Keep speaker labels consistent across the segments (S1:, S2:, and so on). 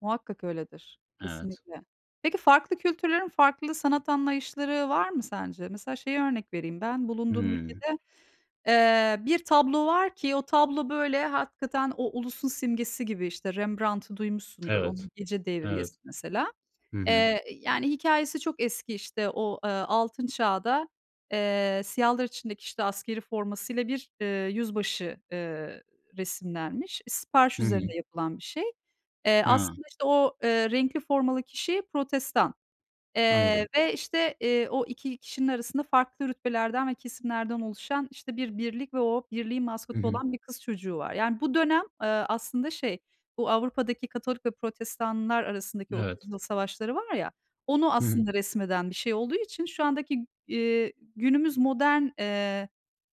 S1: Muhakkak öyledir.
S2: Evet.
S1: Kesinlikle. Peki, farklı kültürlerin farklı sanat anlayışları var mı sence? Mesela şeyi örnek vereyim ben: bulunduğum
S2: Hıı.
S1: ülkede, eee, bir tablo var ki o tablo böyle hakikaten o ulusun simgesi gibi. İşte, Rembrandt'ı duymuşsundur,
S2: Evet,
S1: onun Gece
S2: evet.
S1: Devriyesi mesela.
S2: Hı hı.
S1: Eee, yani, hikâyesi çok eski. İşte, o, eee, Altın Çağ'da, eee, siyahlar içindeki, işte, askerî formasıyla bir, ııı, yüzbaşı, ııı, resimlenmiş. Sipariş
S2: Hı hı.
S1: üzerine yapılan bir şey. Eee,
S2: Ha.
S1: aslında, işte, o, eee, renkli formalı kişi Protestan, eee,
S2: Anladım.
S1: ve, işte, eee, o 2 kişinin arasında farklı rütbelerden ve kesimlerden oluşan, işte, bir birlik ve o birliğin
S2: Hı
S1: maskotu
S2: hı.
S1: olan 1 kız çocuğu var. Yani, bu dönem, eee, aslında şey, bu Avrupa'daki Katolik ve Protestanlar arasındaki
S2: Evet.
S1: Otuz Yıl Savaşları var ya, onu
S2: Hı hı.
S1: aslında resmeden bir şey olduğu için şu andaki, eee, günümüz modern, eee,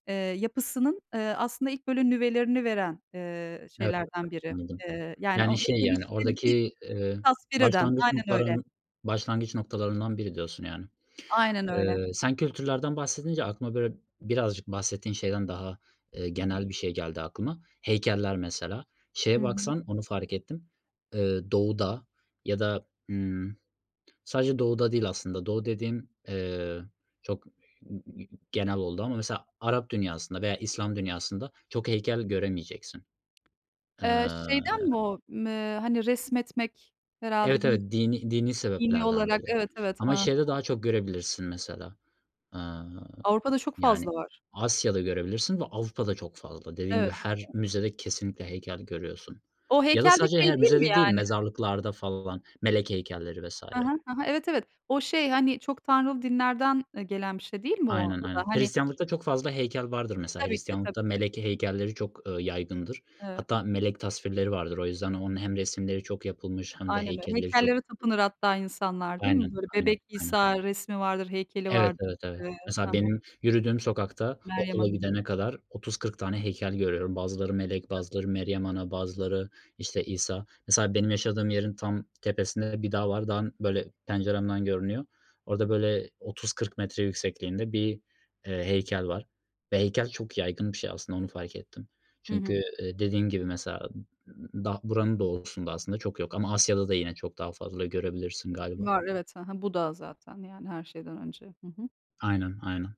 S1: eee, yapısının, eee, aslında ilk böyle nüvelerini veren, eee,
S2: [unintelligible]
S1: şeylerden biri.
S2: Anladım.
S1: Eee, yani o
S2: Yani, şey, yani,
S1: [unintelligible]
S2: oradaki, eee,
S1: Tasvir eden
S2: başlangıç
S1: Aynen öyle.
S2: noktarın başlangıç noktalarından biri diyorsun yani.
S1: Aynen öyle.
S2: Eee, sen kültürlerden bahsedince aklıma böyle birazcık bahsettiğin şeyden daha, eee, genel bir şey geldi aklıma; heykeller mesela.
S1: Hı
S2: Şeye
S1: hı.
S2: baksan onu fark ettim, eee, Doğu'da ya da, ımm, sadece Doğu'da değil aslında Doğu dediğim, eee, çok [unintelligible] genel oldu. Ama mesela Arap dünyasında veya İslam dünyasında çok heykel göremeyeceksin, eee
S1: Eee, şeyden mi o, me, hani, resmetmek herhâlde
S2: Evet,
S1: bir
S2: evet. Dinî dinî
S1: Dinî
S2: sebeplerden
S1: olarak?
S2: dolayı.
S1: Evet, evet. Hı
S2: Ama
S1: hı.
S2: şeyde daha çok görebilirsin mesela, eee,
S1: Avrupa'da çok fazla
S2: yani,
S1: var.
S2: Asya'da görebilirsin de Avrupa'da çok fazla. Dediğin gibi
S1: Evet.
S2: her müzede kesinlikle heykel görüyorsun
S1: O
S2: ya da
S1: heykel de
S2: sadece her
S1: şey değil mi
S2: müzede değil
S1: yani?
S2: mezarlıklarda falan melek heykelleri vs.
S1: Hı hı, hı hı. Evet, evet. O şey, hani, çok tanrılı dinlerden, eee, gelen bir şey değil mi o?
S2: Aynen,
S1: O da
S2: aynen.
S1: hani
S2: Hristiyanlıkta çok fazla heykel vardır mesela.
S1: Tabii ki. Tabii
S2: Hristiyanlıkta
S1: ki.
S2: melek heykelleri çok, ııı, yaygındır.
S1: Evet.
S2: Hatta melek tasvirleri vardır, o yüzden onun hem resimleri çok yapılmış hem de
S1: Aynen öyle.
S2: heykelleri çok
S1: Heykellere tapınır hatta insanlar, değil
S2: Aynen,
S1: mi böyle?
S2: aynen,
S1: Bebek
S2: aynen.
S1: İsa resmi vardır, heykeli
S2: Evet,
S1: vardır.
S2: evet, evet.
S1: Eee, hı
S2: Mesela
S1: hı.
S2: benim yürüdüğüm sokakta
S1: Meryem
S2: okula
S1: Ana'nın.
S2: gidene kadar 30-40 tane heykel görüyorum. Bazıları melek,
S1: [unintelligible]
S2: bazıları Meryem Ana, bazıları, işte, İsa. Mesela benim yaşadığım yerin tam tepesinde de bir dağ var. Dağın, böyle, penceremden görünüyor. Orada böyle 30-40 metre yüksekliğinde bir, eee, heykel var ve heykel çok yaygın bir şey aslında onu fark ettim.
S1: Hı
S2: Çünkü,
S1: hı.
S2: eee, dediğin gibi mesela daha buranın doğusunda aslında çok yok ama Asya'da da yine çok daha fazla görebilirsin galiba.
S1: Var, evet. Hı hı. Buda zaten, yani, her şeyden önce, hı hı.
S2: Aynen, aynen.